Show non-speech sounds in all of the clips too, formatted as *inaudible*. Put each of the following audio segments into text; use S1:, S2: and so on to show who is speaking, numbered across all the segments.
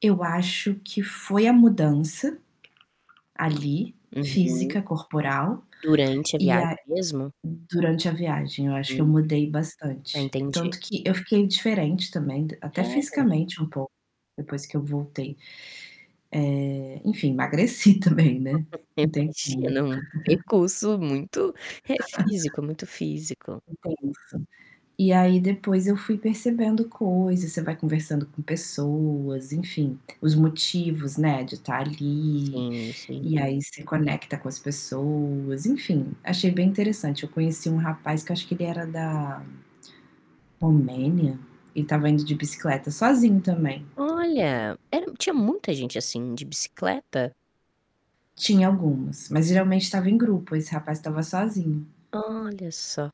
S1: Eu acho que foi a mudança ali
S2: Uhum.
S1: física, corporal
S2: Durante a
S1: e a
S2: viagem mesmo?
S1: durante a viagem, eu acho que eu
S2: Uhum.
S1: mudei
S2: Ah,
S1: bastante,
S2: entendi.
S1: tanto que eu fiquei diferente também, até
S2: É.
S1: fisicamente um pouco depois que eu voltei, eh, enfim, *chuckles* emagreci também, né,
S2: *laughs* *unintelligible*
S1: não tem como.
S2: É um
S1: *laughs*
S2: percurso muito, eh,
S1: *unintelligible*
S2: físico, muito físico.
S1: Intenso. E aí depois eu fui percebendo coisas, você vai conversando com pessoas, enfim, os motivos, né, de tá ali,
S2: Sim, sim.
S1: e aí você conecta com as pessoas, enfim, achei bem interessante, eu conheci um rapaz que eu acho que ele era da Romênia, ele estava indo de bicicleta sozinho também.
S2: Olha, era tinha muita gente, assim, de bicicleta?
S1: Tinha algumas, mas geralmente estava em grupo, esse rapaz estava sozinho.
S2: Olha só.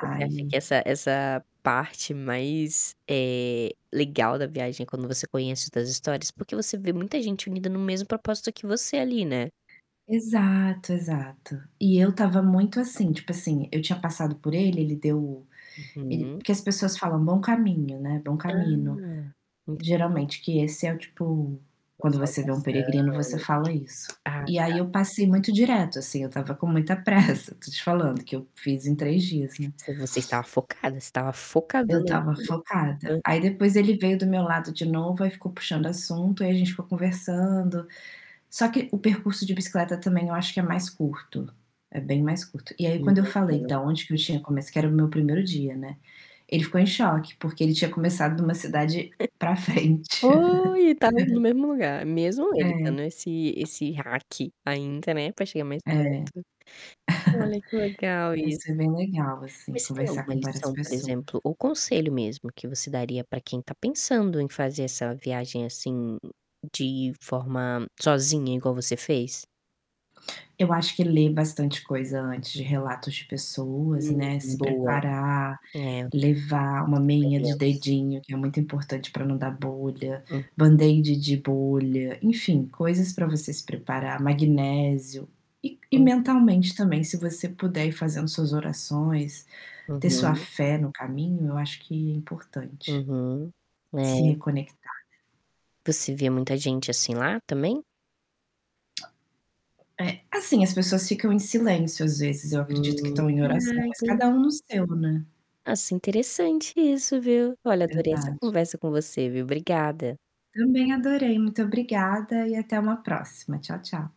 S2: Você acha que essa essa parte mais, eh, legal da viagem é quando você conhece as histórias porque você vê muita gente unida no mesmo propósito que você ali, né.
S1: Exato, exato. E eu estava muito assim, tipo assim, eu tinha passado por ele, ele deu o ele
S2: Uhum.
S1: porque as pessoas falam: "Bom caminho.", né, "bom
S2: Ah,
S1: camino".
S2: entendi.
S1: Geralmente esse é o tipo,
S2: Uma
S1: quando você vê um peregrino, você
S2: saudação.
S1: fala isso,
S2: Ah,
S1: e aí
S2: tá.
S1: eu passei muito direto, assim, eu estava com muita *chuckles* pressa, tô te falando que eu fiz em 3 dias, né.
S2: Você está focada, você estava
S1: Eu
S2: focadona ali
S1: estava
S2: no
S1: focada. Aí
S2: *unintelligible*
S1: depois ele veio do meu lado de novo, aí ficou puxando assunto e a gente ficou conversando. Só que o percurso de bicicleta também eu acho que é mais curto, é bem mais curto, e aí quando eu falei
S2: Imagino.
S1: da onde que eu tinha começado que era o meu 1º dia, né, ele ficou em choque porque ele tinha começado em uma
S2: *chuckles*
S1: cidade pra frente.
S2: Oi, e tá no
S1: *laughs*
S2: mesmo lugar, mesmo ele
S1: É.
S2: estando esse esse hack ainda, né, pra chegar mais
S1: É. *chuckles*
S2: perto. Olha que legal
S1: Mas
S2: isso.
S1: foi bem legal assim,
S2: Mas você tem
S1: conversar
S2: alguma
S1: com várias
S2: lição, por exemplo,
S1: pessoas.
S2: ou conselho mesmo que você daria pra quem tá pensando em fazer essa viagem, assim, de forma sozinha igual você fez?
S1: Eu acho que ler bastante coisa antes de relatos de pessoas,
S2: Hum,
S1: né, se
S2: boa.
S1: preparar,
S2: É.
S1: levar uma meinha de
S2: Depoimentos.
S1: dedinho que é muito importante pra não dar bolha,
S2: Hum.
S1: Band-Aid de bolha, enfim, coisas pra você se preparar, magnésio, e e
S2: Hum.
S1: mentalmente também se você puder ir fazendo suas orações, ter sua
S2: Uhum.
S1: fé no caminho, acho que importante.
S2: Uhum.
S1: Se
S2: É.
S1: reconectar, né.
S2: Você vê muita gente assim lá também?
S1: É, assim, as pessoas ficam em silêncio às vezes, eu acredito que
S2: Hum.
S1: estão em
S2: Ah,
S1: oração, mas
S2: entendi.
S1: cada um no seu, né.
S2: Ah, sim, interessante isso, viu. Olha, adorei essa
S1: Verdade.
S2: conversa com você, viu. Obrigada.
S1: Também adorei. Muito obrigada e até uma próxima. Tchau, tchau.